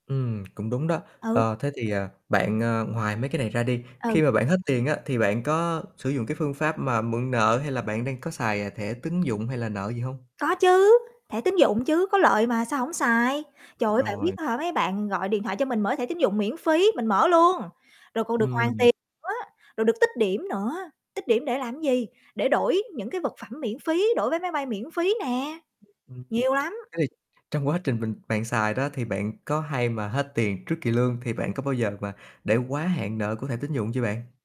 Ừm, cũng đúng đó. Ừ. Ờ, thế thì, ờ, bạn, ờ, ngoài mấy cái này ra đi, Ừ. khi mà bạn hết tiền á thì bạn có sử dụng cái phương pháp mà mượn nợ hay là bạn đang có xài, à, thẻ tín dụng hay là nợ gì hông? Có chứ, thẻ tín dụng chứ, có lợi mà, sao hổng xài. Trời ơi, bạn biết Rồi. á hả, mấy bạn gọi điện thoại cho mình mở thẻ tín dụng miễn phí, mình mở luôn, rồi còn được Ưm hoàn hừm. tiền nữa, rồi được tích điểm nữa, tích điểm để làm gì, để đổi những cái vật phẩm miễn phí, đổi vé máy bay miễn phí nè, [unintelligible] Thế nhiều lắm! thì Trong quá trình mình bạn xài đó thì bạn có hay mà hết tiền trước kỳ lương thì bạn có bao giờ mà để quá hạn nợ của thẻ tín dụng chưa bạn?